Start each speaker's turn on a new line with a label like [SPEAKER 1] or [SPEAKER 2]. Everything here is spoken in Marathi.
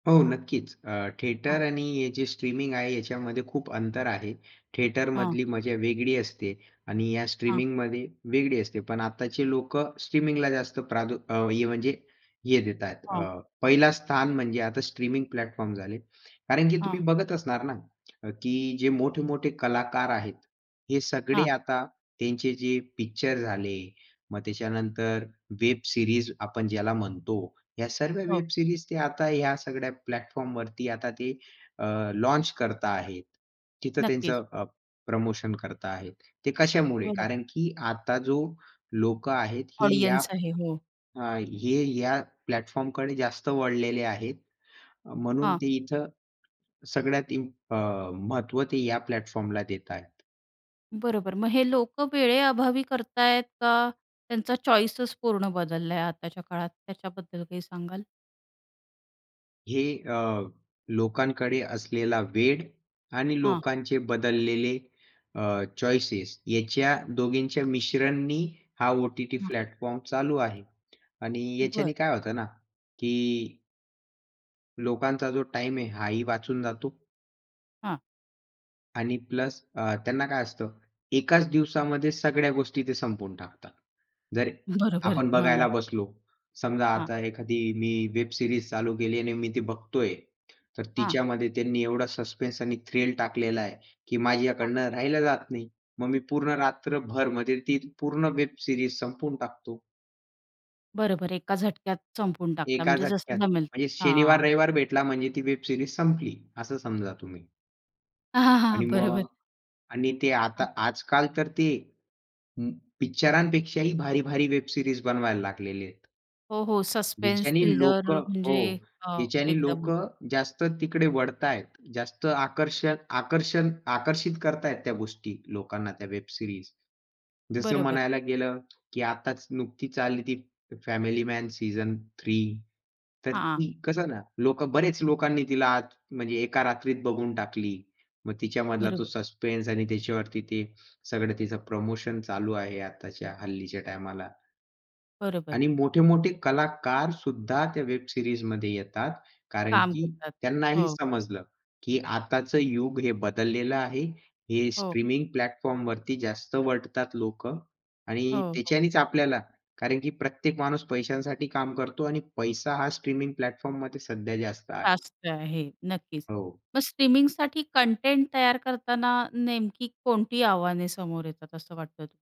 [SPEAKER 1] हो, नक्कीच. अ,
[SPEAKER 2] हां.
[SPEAKER 1] थिएटर आणि हे जे स्ट्रीमिंग आहे, याच्यामध्ये खूप अंतर आहे.
[SPEAKER 2] हां.
[SPEAKER 1] थिएटरमधली मजा वेगळी असते आणि या
[SPEAKER 2] हां.
[SPEAKER 1] स्ट्रीमिंगमध्ये वेगळी असते. पण आत्ताचे लोक स्ट्रीमिंगला जास्त प्राद अ, हे म्हणजे हे देत आहेत,
[SPEAKER 2] हां.
[SPEAKER 1] अ, पहला स्थान म्हणजे आता स्ट्रीमिंग प्लॅटफॉर्म झाले. कारण की तुम्ही
[SPEAKER 2] हां.
[SPEAKER 1] बघत असणार ना, अ, की जे मोठे-मोठे कलाकार आहेत, हे सगळे
[SPEAKER 2] हां.
[SPEAKER 1] आता त्यांचे जे पिक्चर झाले, मग त्याच्यानंतर वेब सिरीज आपण ज्याला म्हणतो, ह्या सर्व
[SPEAKER 2] हो.
[SPEAKER 1] वेब सिरीज ते आता या सगळ्या प्लॅटफॉर्मवरती आता ते अ, लॉन्च करता आहेत. तिथं
[SPEAKER 2] नक्कीच.
[SPEAKER 1] त्यांचं अ, प्रमोशन करता आहेत. ते कशामुळे?
[SPEAKER 2] बरोबर.
[SPEAKER 1] कारण की आता जो लोक आहेत, हे या
[SPEAKER 2] ऑडियन्स आहे, हो.
[SPEAKER 1] अ, हे या प्लॅटफॉर्मकडे जास्त वळलेले आहेत. अ, म्हणून
[SPEAKER 2] हां.
[SPEAKER 1] ते इथं सगळ्यात इम्प अ, महत्त्व ते या प्लॅटफॉर्मला देत आहेत.
[SPEAKER 2] बरोबर, मग हे लोक वेळेअभावी करतायेत, का त्यांचा चॉईसच पूर्ण बदललाय आताच्या काळात? त्याच्याबद्दल काही सांगाल?
[SPEAKER 1] हे अ, लोकांकडे असलेला वेळ आणि
[SPEAKER 2] हां.
[SPEAKER 1] लोकांचे बदललेले अ, चॉईसेस, याच्या दोघींच्या मिश्रणांनी हा ओ-टी-टी
[SPEAKER 2] हां.
[SPEAKER 1] प्लॅटफॉर्म चालू आहे आणि याच्याने
[SPEAKER 2] बरं.
[SPEAKER 1] काय होतं ना की लोकांचा जो टाईम आहे, हा ही वाचून जातो
[SPEAKER 2] हां.
[SPEAKER 1] आणि प्लस अ, त्यांना काय असतं? एकाच दिवसामध्ये सगळ्या गोष्टी ते संपवून टाकतात. जर
[SPEAKER 2] बरोबर,
[SPEAKER 1] आपण
[SPEAKER 2] हां.
[SPEAKER 1] बघायला बसलो, समजा
[SPEAKER 2] हां.
[SPEAKER 1] आता एखादी मी वेब सिरीज चालू केली आणि मी ती बघतोय, तर
[SPEAKER 2] हां.
[SPEAKER 1] तिच्यामध्ये त्यांनी एवढा सस्पेन्स आणि थ्रिल टाकलेला आहे, की
[SPEAKER 2] हां.
[SPEAKER 1] माझ्याकडून राहिलं जात नाही. मग मी पूर्ण रात्रभरमध्ये ती पूर्ण वेब सिरीज संपवून टाकतो.
[SPEAKER 2] बरोबर, एका झटक्यात संपवून टाकता
[SPEAKER 1] एका
[SPEAKER 2] म्हणजे जसं
[SPEAKER 1] झटक्यात.
[SPEAKER 2] जमेल
[SPEAKER 1] म्हणजे
[SPEAKER 2] हां.
[SPEAKER 1] शनिवार-रविवार भेटला म्हणजे ती वेब सिरीज संपली असं समजा तुम्ही. आणि मग
[SPEAKER 2] बरोबर.
[SPEAKER 1] आणि ते
[SPEAKER 2] हां.
[SPEAKER 1] आता आजकाल तर ते उम्म, पिक्चरांपेक्षाही भारी-भारी वेब सीरीज बनवायला लागलेले आहेत.
[SPEAKER 2] हो, हो, सस्पेन्स
[SPEAKER 1] जिच्याने लोक
[SPEAKER 2] थ्रिलर अ,
[SPEAKER 1] हो,
[SPEAKER 2] म्हणजे अ,
[SPEAKER 1] ज्याच्याने लोक
[SPEAKER 2] एकदमच
[SPEAKER 1] जास्त तिकडे वळतायेत. जास्त आकर्षक आकर्षण आकर्षित करत आहेत त्या गोष्टी लोकांना, त्या वेब सिरीज. जसं
[SPEAKER 2] बरोबर.
[SPEAKER 1] म्हणायला गेलं, की आताच नुकतीच चालली ती फॅमिली मॅन सीझन 3 तर
[SPEAKER 2] हां.
[SPEAKER 1] ती कसं ना, लोक बरेच लोकांनी तिला आत म्हणजे एका रात्रीत बघून टाकली. मग तिच्यामधला तो
[SPEAKER 2] बरोबर.
[SPEAKER 1] सस्पेन्स आणि त्याच्यावरती ते सगळं तिचं प्रमोशन चालू आहे आताच्या, हल्लीच्या टायमाला.
[SPEAKER 2] बरोबर.
[SPEAKER 1] आणि मोठे-मोठे कलाकार सुद्धा त्या वेब सिरीजमध्ये येतात, कारण
[SPEAKER 2] काम
[SPEAKER 1] की
[SPEAKER 2] करतात.
[SPEAKER 1] त्यांनाही
[SPEAKER 2] हो.
[SPEAKER 1] समजलं की आताचं युग हे बदललेलं आहे. हे
[SPEAKER 2] हो.
[SPEAKER 1] स्ट्रीमिंग प्लॅटफॉर्मवरती जास्त वळतात लोक आणि
[SPEAKER 2] हो.
[SPEAKER 1] त्याच्यानेच आपल्याला कारण की प्रत्येक माणूस पैशांसाठी काम करतो आणि पैसा हा स्ट्रीमिंग प्लॅटफॉर्ममध्ये सध्या जास्त आहे.
[SPEAKER 2] जास्त आहे, नक्कीच.
[SPEAKER 1] हो.
[SPEAKER 2] मग स्ट्रीमिंगसाठी कंटेंट तयार करताना नेमकी कोणती आव्हाने समोर येतात असं वाटतं त